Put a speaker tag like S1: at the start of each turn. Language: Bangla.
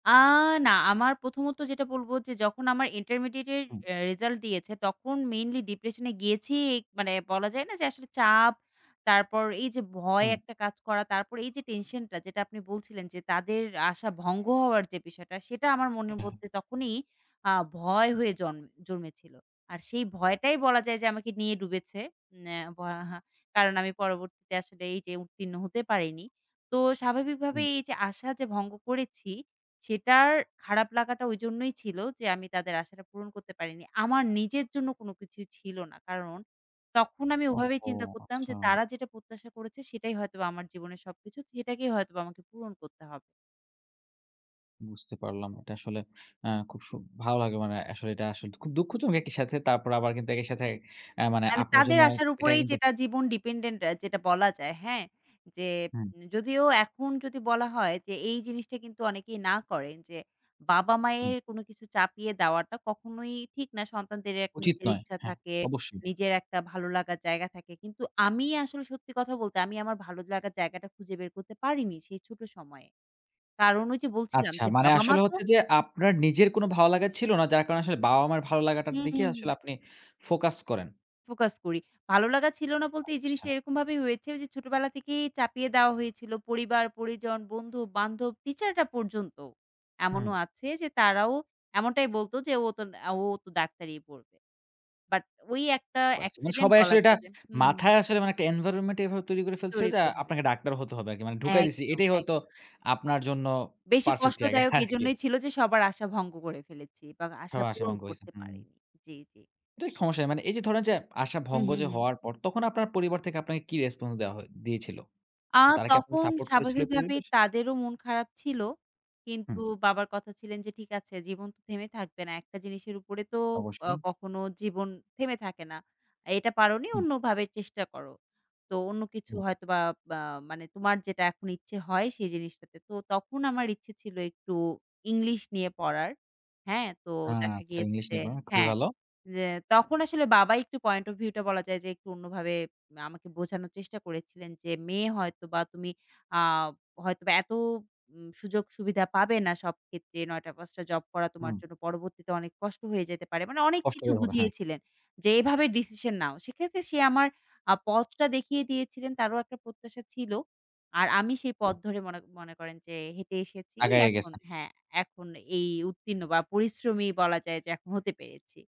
S1: আ না আমার প্রথমত যেটা বলবো যে যখন আমার ইন্টারমিডিয়েটের
S2: হুম।
S1: অ্যা রেজাল্ট দিয়েছে তখন mainly depression এ গিয়েছি। মানে বলা যায় না যে আসলে চাপ। তারপর এই যে ভয়
S2: হুম।
S1: একটা কাজ করা, তারপর এই যে টেনশনটা যেটা আপনি বলছিলেন যে, তাদের আশা ভঙ্গ হওয়ার যে বিষয়টা সেটা আমার মনের মধ্যে তখনই আ ভয় হয়ে জন জন্মেছিলো। আর সেই ভয়টাই বলা যায় যে, আমাকে নিয়ে ডুবে ন্যা ভা কারণ আমি পরবর্তীতে আসলে এই যে উত্তীর্ণ হতে পারিনি। তো স্বাভাবিকভাবে
S2: হুম।
S1: এই যে আশা যে ভঙ্গ করেছি, সেটার খারাপ লাগাটা ঐজন্যই ছিল যে আমি তাদের আশাটা পূরণ করতে পারিনি। আমার নিজের জন্য কোন কিছুই ছিল না। কারণ তখন আমি ওভাবেই
S2: ওহও!
S1: চিন্তা করতাম যে,
S2: আচ্ছা।
S1: তারা যেটা প্রত্যাশা করেছে সেটাই হয়তোবা আমার জীবনের সবকিছু সেটাকেই হয়তোবা আমাকে পূরণ করতে হবে।
S2: বুঝতে পারলাম। এটা আসলে আ সু খুব ভালো লাগে মানে, আসলে এটা আসলে খুব দুঃখজনক একই সাথে। তারপর আবার কিন্তু একই সাথে আ মানে
S1: মানে
S2: আপনার
S1: তাদের
S2: জন্য
S1: আশার
S2: এটা
S1: উপরেই
S2: কিন্তু
S1: যেটা জীবন ডিপেন্ডেন্ট যেটা বলা যায় হ্যা? যে,
S2: হুম।
S1: উম যদিও এখন যদি বলা হয় যে, এই জিনিসটা কিন্তু অনেকেই না করেন যে
S2: হু।
S1: বাবা-মায়ের কোনো কিছু চাপিয়ে দেওয়াটা কখনোই ঠিক না সন্তানদের একটা
S2: উচিত
S1: নিজের
S2: নয়,
S1: ইচ্ছা
S2: হ্যা
S1: থাকে।
S2: অবশ্যই।
S1: নিজের একটা ভালো লাগার জায়গা থাকে, কিন্তু আমি আসলে সত্যি কথা বলতে আমি আমার ভালো লাগার জায়গাটা খুঁজে বের করতে পারিনি, সেই ছোটো সময়ে। কারণ ওই যে বলছিলাম
S2: আচ্ছা
S1: যে
S2: মানে
S1: বাবা-মা
S2: আসলে
S1: তো
S2: হচ্ছে যে, আপনার নিজের কোন ভালো লাগা ছিল না? যার কারণে আসলে বাবা-মায়ের ভালো লাগাটার
S1: হু, হু,
S2: দিকে
S1: হু।
S2: আসলে আপনি ফোকাস করেন।
S1: ফোকাস করি ভালো লাগা ছিল না বলতে, এই
S2: আচ্ছা।
S1: জিনিসটা এরকম ভাবেই হয়েছে ওই যে ছোটবেলা থেকেই চাপিয়ে দেওয়া হয়েছিল পরিবার, পরিজন, বন্ধু-বান্ধব টিচাররা পর্যন্ত।
S2: হুম।
S1: এমনও আছে যে তারাও এমনটাই বলতো যে "ও তো, আ ও তো ডাক্তারি পড়বে।" বাট ওই একটা
S2: পারছি। মানে
S1: অ্যাক্সিডেন্ট
S2: সবাই
S1: বলা
S2: আসলে এটা
S1: যায় যে হু, হু, হু।
S2: মাথায় আসলে মানে একটা এনভায়রনমেন্ট এভাবে তৈরি করে ফেলছে
S1: তৈরী
S2: যে,
S1: করে ফেলেছে।
S2: আপনাকে ডাক্তার হতে হবে আরকি মানে ঢুকাই দিছে
S1: একদম,
S2: এটাই
S1: একদম।
S2: হয়তো আপনার জন্য
S1: বেশি
S2: পারফেক্ট জায়গা
S1: কষ্টদায়ক
S2: আরকি।
S1: এইজন্যই ছিল যে, সবার আশা ভঙ্গ করে ফেলেছি বা আশা
S2: সব আশা
S1: পূরণ
S2: ভঙ্গ হইছে
S1: করতে
S2: হুম।
S1: পারিনি জি, জি।
S2: তো সমস্যা মানে এই যে ধরেন যে, আশা
S1: হু,
S2: ভঙ্গ
S1: হু,
S2: যে
S1: হু।
S2: হওয়ার পর তখন আপনার পরিবার থেকে আপনাকে কি রেসপন্স দেওয়া হয়ে দিয়েছিল?
S1: আ
S2: তারা কি আপনাকে
S1: তখন
S2: সাপোর্ট করেছিল এই
S1: স্বাভাবিকভাবে
S2: পরিবেশ
S1: তাদেরও মন খারাপ ছিল। কিন্তু
S2: হুম।
S1: বাবার কথা ছিলেন যে ঠিক আছে জীবন তো থেমে থাকবে না। একটা জিনিসের উপরে তো আ
S2: অবশ্যই।
S1: কখনো জীবন থেমে থাকে না। এটা পারনি
S2: হুম।
S1: অন্যভাবে চেষ্টা করো। তো অন্য কিছু
S2: হুম।
S1: হয়তো বা আ মানে তোমার যেটা এখন ইচ্ছে হয় সেই জিনিসটাতে। তো তখন আমার ইচ্ছে ছিল একটু ইংলিশ নিয়ে পড়ার। হ্যা? তো
S2: হ্যা,
S1: দেখা
S2: আচ্ছা
S1: গিয়েছে
S2: ইংলিশ
S1: যে
S2: নিয়ে পড়েন খুবই
S1: হ্যা,
S2: ভালো।
S1: যে তখন আসলে বাবা একটু পয়েন্ট অফ ভিউ টা বলা যায় যে একটু অন্যভাবে আমাকে বোঝানোর চেষ্টা করেছিলেন। যে মেয়ে হয়তো বা তুমি আ হয়তো এত উ সুযোগ-সুবিধা পাবে না সব ক্ষেত্রে ৯টা-৫টা জব করা তোমার
S2: হুম।
S1: জন্য পরবর্তীতে অনেক কষ্ট হয়ে যেতে পারে। মানে অনেক কিছু
S2: কষ্টই হবে হ্যা।
S1: বুঝিয়েছিলেন। যে "এভাবে ডিসিশন নাও।" সেক্ষেত্রে সে আমার আ পথটা দেখিয়ে দিয়েছিলেন তারও একটা প্রত্যাশা ছিল। আর আমি সেই পথ ধরে মনে মনে, করেন যে হেঁটে এসেছি
S2: আগাইয়া
S1: এখন
S2: গেছেন।
S1: হ্যা, এখন এই উত্তীর্ণ বা পরিশ্রমী বলা যায় যে এখন হতে পেরেছি।